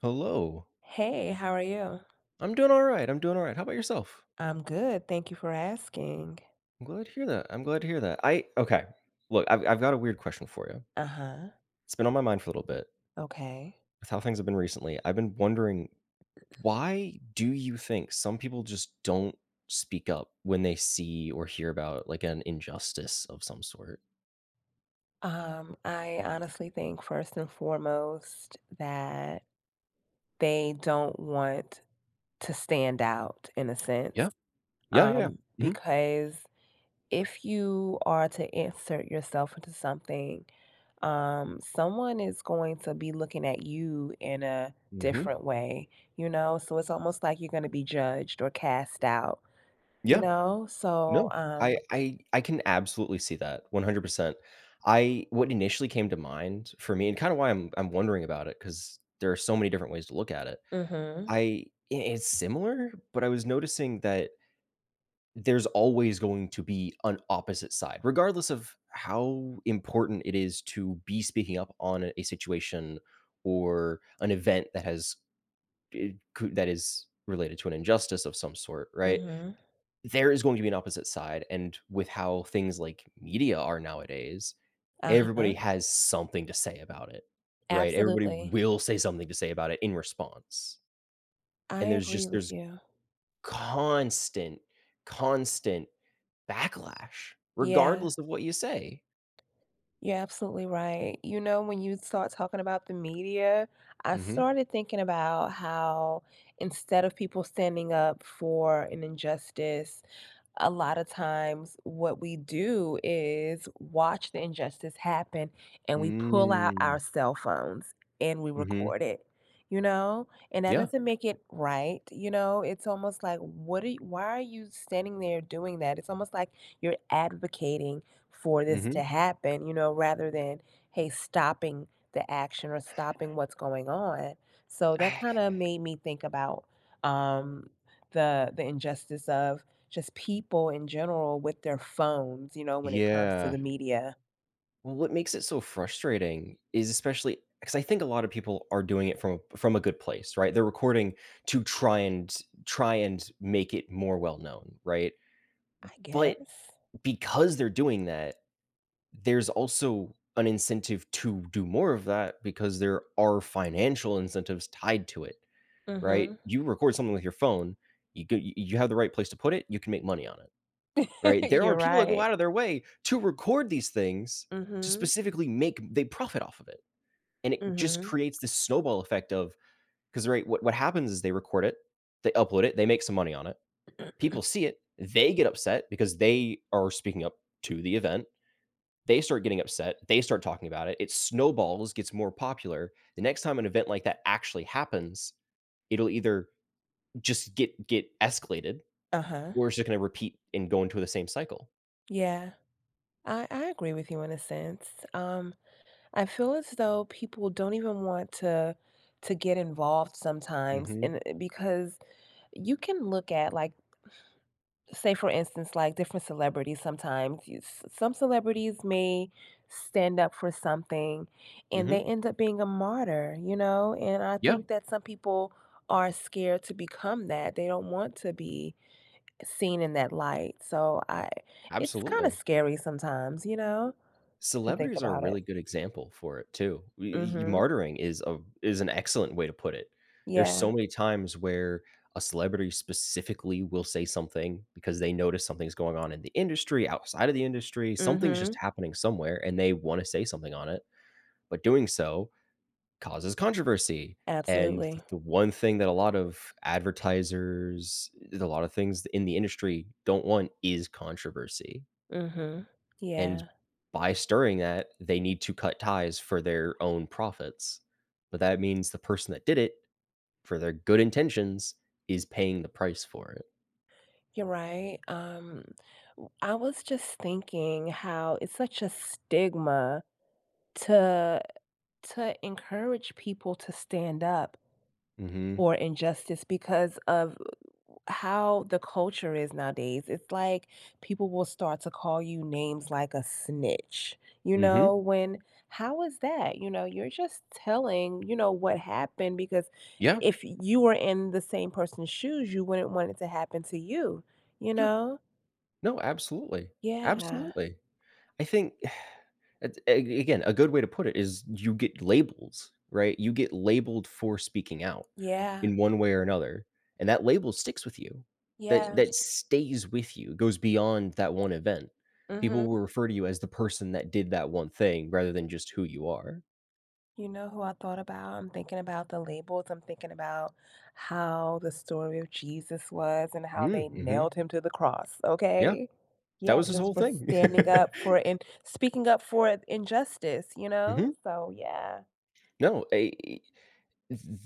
Hello. Hey, how are you? I'm doing alright, I'm doing alright, how 'bout yourself? I'm good, thank you for asking. I'm glad to hear that, I'm glad to hear that, I okay, look, I've I've got a weird question for ya Uh-huh. it's been on my mind for little bit Okay. with how things have been recently, I've been wondering, why do you think some people just don't speak up when they see or hear about, like, an injustice of some sort? Um, I honestly think, first and foremost, that they don't want to stand out in a sense, Yup. Yeah, yeah. um, Mhm. because if you are to insert yourself into something, um, someone is going to be looking at you in a Mhm. different way, you know, so it's almost like you're gonna be judged or cast out. You Yeah. know? So, No um I I I can absolutely see that 100%. I what initially came to mind for me and kinda why I'm I'm wondering about it 'cause there are so many different ways to look at it. Mhm. I it it's similar, but I was noticing that there's always going to be an opposite side, regardless of how important it is to be speaking up on a situation or an event that has it cou that is related to an injustice of some sort, right? Mhm. There is going to be an opposite side, and with how things like media are nowadays, everybody Uh-huh. has something to say about it, right? Everybody Absolutely. will say something to say about it in response. I And there's agree just with there's you. constant, constant backlash Yeah. regardless of what you say. You're absolutely right. You know, when you start talking about the media, I Mhm. started thinking about how instead of people standing up for an injustice, a lotta times what we do is watch the injustice happen, and we pull out Mm. our cell phones, and we Mhm. record it, you know? And that Yeah. doesn't make it right, you know, it's almost like, "What are y why are you standing there doing that?" It's almost like you're advocating for this Mhm. to happen, you know, rather than, hey, stopping the action or stopping what's going on, so, that I kinda made me think about, um, the the injustice of just people in general with their phones, you know, when it comes to Yeah. the media. Well, what makes it so frustrating is especially 'cause I think a lot of people are doing it from from a good place, right, they're recording to try and try and make it more well known, right? I But guess. because they're doing that, there's also an incentive to do more of that because there are financial incentives tied to it, right? Mhm. You record something with your phone, you go y you have the right place to put it, you can make money on it, right, there You're are people that go right. out of their way to record these things to Mhm. specifically make m they profit off of it, and it just Mhm. creates this snowball effect of 'cause, right, what what happens is they record it, they upload it, they make some money on it. People see it, they get upset because they are speaking up to the event. They start getting upset, they start talking about it, it snowballs, gets more popular, the next time an event like that actually happens, it'll either just get get escalated, Uh-huh. or it's ju gonna repeat and go into the same cycle. Yeah. I I agree with you in a sense, um, I feel as though people don't even want to, to get involved sometimes Mhm. in uh, because you can look at, like, say, for instance, like, different celebrities sometimes, you s some celebrities may stand up for something, and they Mhm. end up being a martyr, you know? And I Yeah. think that some people are scared to become that, they don't want to be seen in that light, so I it's kinda Absolutely. scary sometimes, you know, to think Celebrities are a about it. really good example for it too. We e e Mhm. martyring is a is an excellent way to put it. There's so Yeah. many times where a celebrity specifically will say something because they notice something's going on in the industry, outside of the industry, something's just Mhm. happening somewhere, and they wanna say something on it, but doing so, causes controversy, and Absolutely. th the one thing that a lot of advertisers, th a lotta things in the industry don't want is controversy. Mhm. and Yeah. by stirring that, they need to cut ties for their own profits, but that means the person that did it for their good intentions is paying the price for it. You're right, um, w I was just thinking how it's such a stigma to to encourage people to stand up Mhm. for injustice because of how the culture is nowadays. It's like people will start to call you names like a snitch, you Mhm. know? When how is that? You know, you're just telling, you know, what happened because Yep. if you were in the same person's shoes, you wouldn't want it to happen to you, you Yeah. know? No, absolutely. Yeah. Absolutely. I think it's a a again, a good way to put it is you get labels, right? You get labeled for speaking out Yeah. in one way or another, and that label sticks with you. That Yeah. that stays with you, goes beyond that one event, people Mhm. will refer to you as the person that did that one thing rather than just who you are. You know who I thought about? I'm thinking about the labels, I'm thinking about how the story of Jesus was and how Mm, they mhm. nailed him to the cross, Yeah, okay that Yeah, was his just whole for thing. standing up for and speaking up for injustice, you know? Mhm. So, yeah. No, a th th th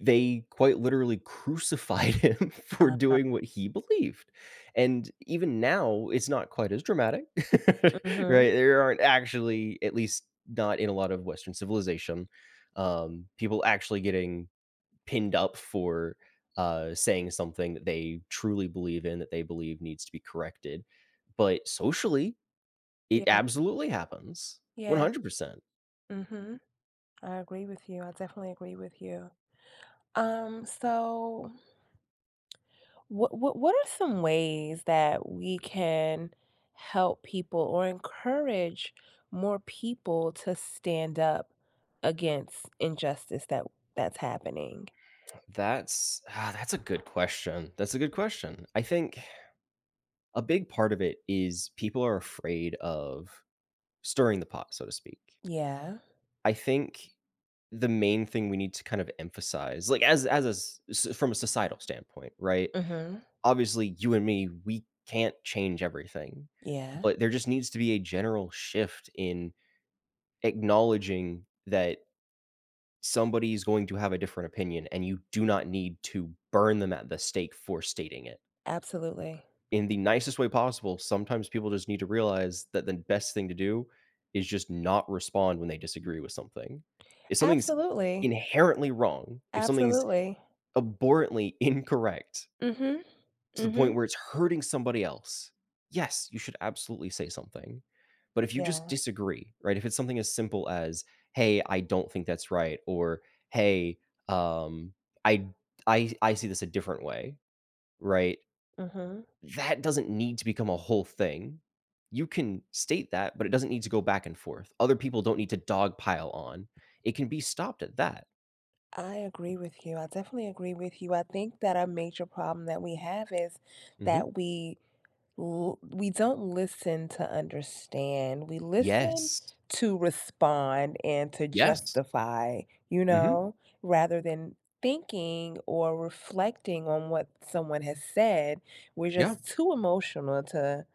they, quite literally crucified him for Uh-huh. doing what he believed, and, even now it's not quite as dramatic, Mhm. right? There aren't actually- at least, not in a lot of Western civilization- um, people actually getting pinned up for, uh, saying something they truly believe in, that they believe needs to be corrected, but socially, it Yeah. absolutely happens, one Yeah. hundred percent. Mhm. I agree with you, I definitely agree with you. Um, so wha wha what are some ways that we can help people or encourage more people to stand up against injustice that that's happening? That's ah, that's a good question that's a good question, I think, a big part of it is people are afraid of "Stirring the pot", so to speak Yeah. I think, the main thing we need to kind of emphasize like, as as-s s from a societal standpoint, right? Mhm. Obviously, you and me, we can't change everything, Yeah. but there just needs to be a general shift in acknowledging that somebody's going to have a different opinion, and you do not need to burn them at the stake for stating it. Absolutely. In the nicest way possible, sometimes people just need to realize that the best thing to do is just not respond when they disagree with something. If something's Absolutely. inherently wrong, if something's Absolutely. abhorrently incorrect Mhm, to the point mhm. where it's hurting somebody else yes, you should absolutely say something, but if you just Yeah. disagree, right? If it's something as simple as, "Hey, I don't think that's right," or "Hey, um, I I I see this a different way." Right? Mhm. That doesn't need to become a whole thing. You can state that, but it doesn't need to go back and forth, other people don't need to dog pile on, it can be stopped at that. I agree with you, I definitely agree with you, I think that a major problem that we have is Mhm. that we l we don't listen to understand, we listen Yes. to respond and to Yes. justify, you Mhm. know? Rather than thinking or reflecting on what someone has said, we're Yeah. just too emotional to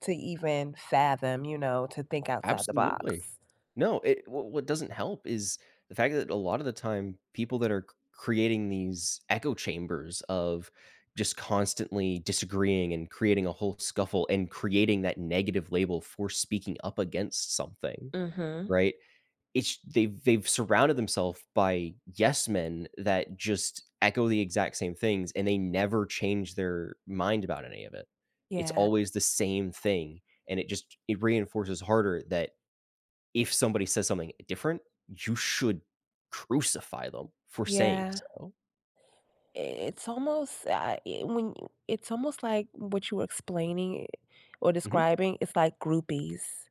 to even fathom, you know, to think outside the Absolutely. box. No, it wh what doesn't help is the fact that a lotta the time, people that are c-creating these echo chambers of just constantly disagreeing and creating a whole scuffle and creating that negative label for speaking up against something, Mhm. right? It sh they've they've surrounded themself by yes men that just echo the exact same things, and they never change their mind about any of it. It's Yeah. always the same thing, and it just ch it reinforces harder that if somebody says something e different, you should crucify them for saying Yeah. so. It's almost I I e when it's almost like what you were explaining or Mhm. describing, it's like groupies.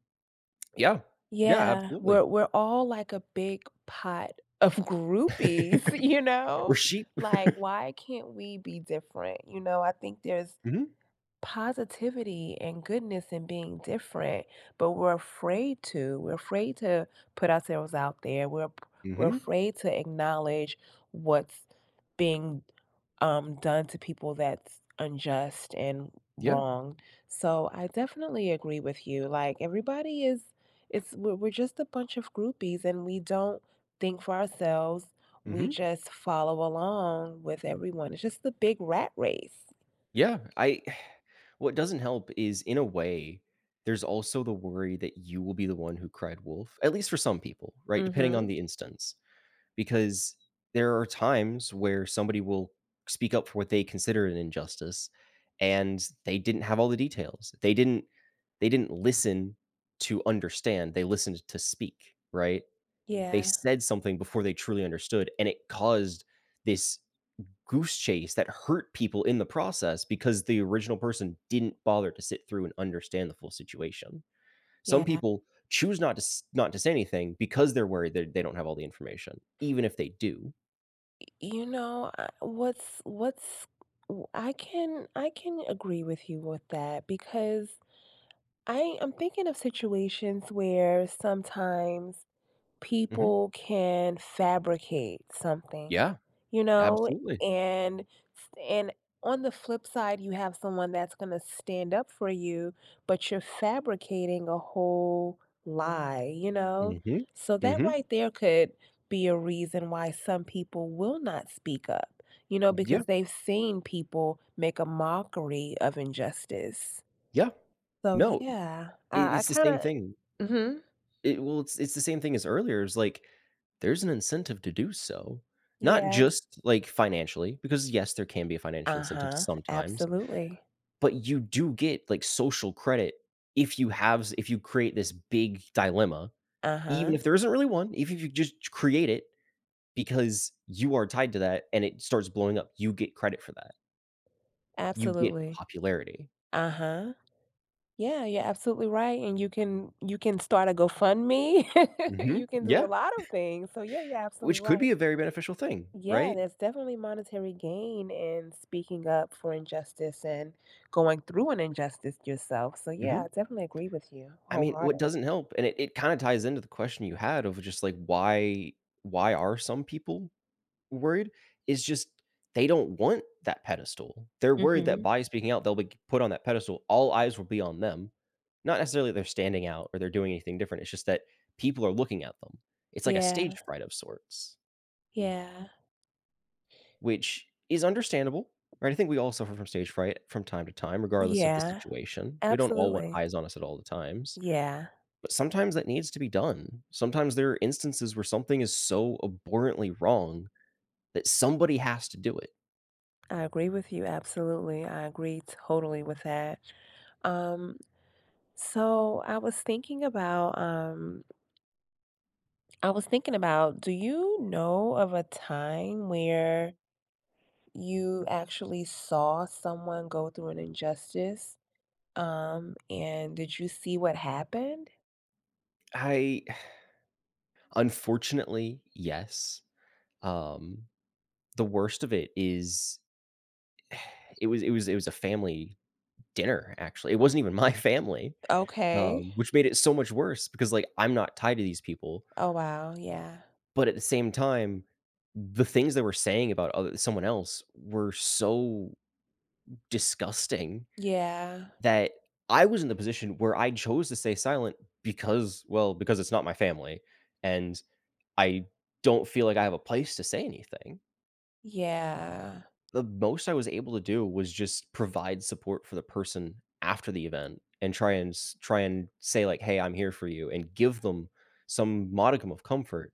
Yeah. Yeah, Yeah, absolutely. we're we're all like a big pot of groupies, you We're know? sheep. Like, why can't we be different, you know, I think there's Mhm. positivity and goodness in being different, but we're afraid to, we're afraid to put ourselves out there, we're p we're Mhm. afraid to acknowledge what's being, um, done to people that's unjust and Yeah. wrong, so I definitely agree with you, like, everybody is it's we're we're just a bunch of groupies, and we don't think for ourselves, we Mhm. just follow along with everyone, it's just the big rat race. Yeah, I what doesn't help is in a way, there's also the worry that you will be the one who cried wolf, at least for some people, right, depending on Mhm. the instance, because there are times where somebody will speak up for what they consider an injustice, and they didn't have all the details, they didn't they didn't listen to understand, they listened to speak, right? They Yeah. said something before they truly understood, and it caused this goose chase that hurt people in the process because the original person didn't bother to sit through and understand the full situation. Some Yeah. people choose not to s not to say anything because they're worried there they don't have all the information, even if they do. Y you know, I what's what's w I can I can agree with you with that because I am thinking of situations where sometimes Mhm. people can fabricate something, Yeah. you know? Absolutely. And f and on the flip side, you have someone that's gonna stand up for you, but you're fabricating a whole lie, you know? Mhm. So, that Mhm. right there could be a reason why some people will not speak up, you know, because Yeah. they've seen people make a mockery of injustice. Yeah. So, No yeah, It I I it's the same kinda thing. Mhm. It well, it's it's the same thing as earlier, is like, there's an incentive to do so, not Yeah. just, like, financially because, yes, there can be a financial incentive Uh-huh, sometimes, absolutely. but you do get, like, social credit if you have z if you create this big dilemma, even Uh-huh. if there isn't really one, eve if you just create it because you are tied to that and it starts blowing up, you get credit for that you get Absolutely, popularity. uh-huh. Yeah, you're absolutely right, and you can you can start a GoFundMe, Mhm, you can do yeah, a lot of things, so, yeah, you're absolutely which could right. be a very beneficial thing, Yeah, right? there's definitely monetary gain in speaking up for injustice and going through an injustice yourself, so, yeah, Mhm. I definitely agree with you I mean, what wholeheartedly. doesn't help and it it kinda ties into the question you had of just, like, why why are some people worried, is just they don't want that pedestal, they're worried that Mhm. by speaking out, they'll, like put on that pedestal all eyes will be on them, not necessarily they're standing out or they're doing anything different, it's just that people are looking at them, it's like a stage Yeah. fright of sorts Yeah. which is understandable, right, I think we all suffer from stage fright from time to time regardless of the Yeah. situation. We don't all want Absolutely. eyes on us at all the times, Yeah. but sometimes that needs to be done, sometimes there are instances where something is so abhorrently wrong that somebody has to do it. I agree with you, absolutely, I agree totally with that. Um, so, I was thinking about, um I was thinking about, do you know of a time where you actually saw someone go through an injustice? Um, and did you see what happened? I Unfortunately, yes. Um, the worst of it is it was it was it was a family dinner, actually. It wasn't even my family, Okay. um, which made it so much worse because, like, I'm not tied to these people Oh, wow, yeah. but at the same time, the things they were saying about oth someone else were so disgusting Yeah. that I was in the position where I chose to stay silent because, well, because it's not my family, and I don't feel like I have a place to say anything Yeah. the most I was able to do was just provide support for the person after the event and try and s try and say, like, "Hey, I'm here for you," and give them some modicum of comfort.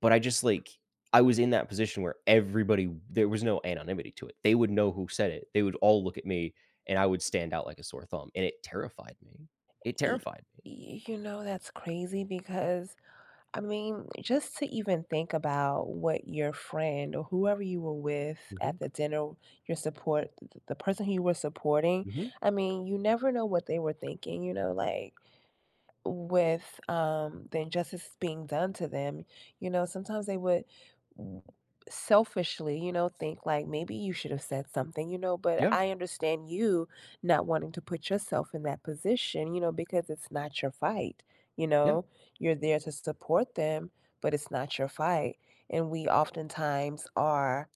But I just, like I was in that position where everybody there was no anonymity to it, they would know who said it, they would all look at me, and I would stand out like a sore thumb, and it terrified me. It E terrified me. Y you know, that's crazy because I mean, just to even think about what your friend or whoever you were with at Mhm. the dinner, your support th th the person who you were supporting Mhm. I mean, you never know what they were thinking, you know? Like with, um, the injustice being done to them, you know, sometimes they would w selfishly, you know, think, like, "Maybe you should have said something," you know, but Yeah. I understand you not wanting to put yourself in that position, you know, because it's not your fight, you Yeah. know? You're there to support them, but it's not your fight. And we oftentimes are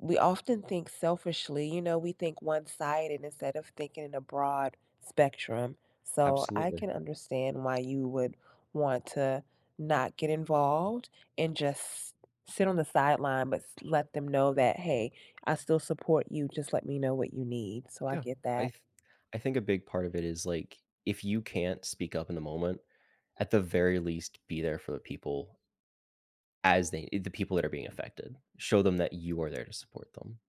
we often think selfishly, you know, we think one-sided instead of thinking in a broad spectrum. A So, I absolutely. can understand why you would want to not get involved and just sit on the sideline, but s let them know that, "Hey, I still support you, just let me know what you need." So, I Yeah. get I that. th I think a big part of it is, like, if you can't speak up in the moment, at the very least, be there for the people as they i the people that are being affected. Show them that you are there to support them.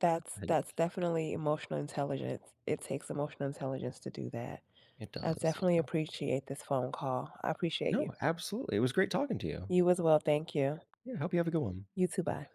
That's Hi that's ch definitely emotional intelligence. It takes emotional intelligence to do that. It I does, definitely yeah. appreciate this phone call, I appreciate No, you. absolutely, it was great talking to you. You as well, thank you. Yeah, hope you have a good one. You too, bye.